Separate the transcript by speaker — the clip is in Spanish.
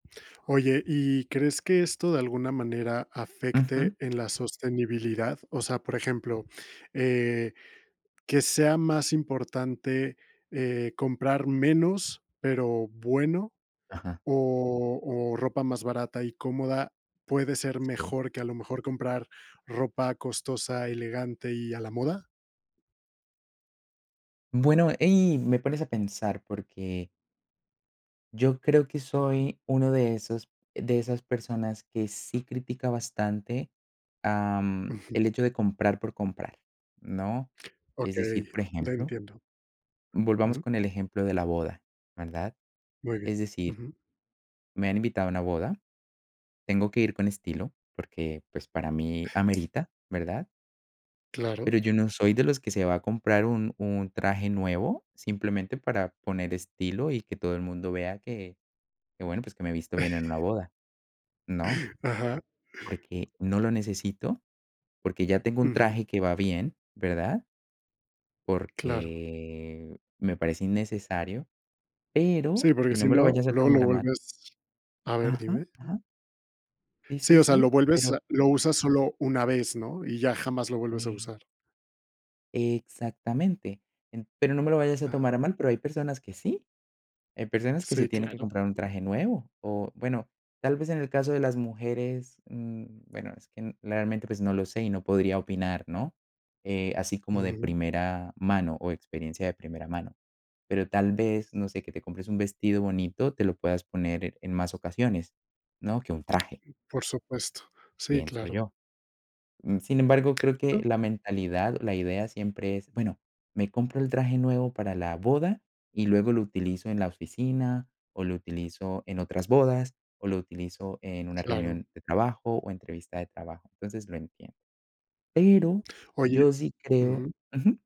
Speaker 1: Oye, ¿y crees que esto de alguna manera
Speaker 2: Ujú.
Speaker 1: afecte en la sostenibilidad? O sea, por ejemplo, eh, ¿que sea más importante, eh, comprar menos, pero bueno,
Speaker 2: Ajá.
Speaker 1: o o ropa más barata y cómoda puede ser
Speaker 2: Sí.
Speaker 1: mejor que a lo mejor comprar ropa costosa, elegante y a la moda?
Speaker 2: Bueno, ahí me pones a pensar, porque yo creo que
Speaker 1: Ujú.
Speaker 2: soy uno de esos, de esas personas que sí critica bastante, am,
Speaker 1: Ujú.
Speaker 2: el hecho de comprar por comprar, ¿no? Es decir,
Speaker 1: Okey,
Speaker 2: por
Speaker 1: te
Speaker 2: ejemplo
Speaker 1: entiendo.
Speaker 2: volvamos
Speaker 1: Ujú.
Speaker 2: con el ejemplo de la boda, ¿verdad?
Speaker 1: Muy bien.
Speaker 2: Es decir
Speaker 1: Ujú.
Speaker 2: me han invitado a una boda, tengo que ir con estilo, porque, pues para mí amerita, ¿verdad?
Speaker 1: Claro.
Speaker 2: Pero yo no soy de los que se va a comprar un un traje nuevo simplemente para poner estilo y que todo el mundo vea que que bueno, pues que me visto bien en una boda, ¿no?
Speaker 1: Ajá.
Speaker 2: Porque, no lo necesito, porque ya tengo un
Speaker 1: Ujú.
Speaker 2: traje que va bien, ¿verdad?
Speaker 1: Claro.
Speaker 2: Porque me parece innecesario, pero
Speaker 1: Sí, porque
Speaker 2: y
Speaker 1: si
Speaker 2: no me lo
Speaker 1: no,
Speaker 2: vayas a
Speaker 1: luego lo
Speaker 2: tomar a mal
Speaker 1: vuelves A ver,
Speaker 2: Ajá,
Speaker 1: dime.
Speaker 2: ajá. Sí,
Speaker 1: Sí,
Speaker 2: sí,
Speaker 1: o sea, lo
Speaker 2: sí,
Speaker 1: vuelves a
Speaker 2: pero
Speaker 1: Lo usas solo una vez, ¿no? Y ya jamás lo vuelves a
Speaker 2: E
Speaker 1: usar.
Speaker 2: exactamente, pero no me lo vayas a tomar
Speaker 1: Ajá.
Speaker 2: a mal, pero hay personas que sí, hay personas que
Speaker 1: Sí,
Speaker 2: se tienen que
Speaker 1: claro.
Speaker 2: comprar un traje nuevo. O bueno, tal vez en el caso de las mujeres, mm, bueno, es que realmente, pues no lo sé y no podría opinar, ¿no? Eh, así como de
Speaker 1: Ujú.
Speaker 2: primera mano o experiencia de primera mano. Pero tal vez, no sé, que te compres un vestido bonito, te lo puedas poner en más ocasiones, ¿no? Que un traje
Speaker 1: Por supuesto. Sí,
Speaker 2: pienso
Speaker 1: claro.
Speaker 2: yo. Uh, sin embargo, creo que la mentalidad o la idea siempre es: "Bueno, me compro el traje nuevo para la boda y luego lo utilizo en la oficina o lo utilizo en otras bodas o lo utilizo en una
Speaker 1: Claro.
Speaker 2: reunión de trabajo o entrevista de trabajo". Entonces, lo entiendo. Pero,
Speaker 1: Oye
Speaker 2: yo sí creo
Speaker 1: Ujú.
Speaker 2: ujú.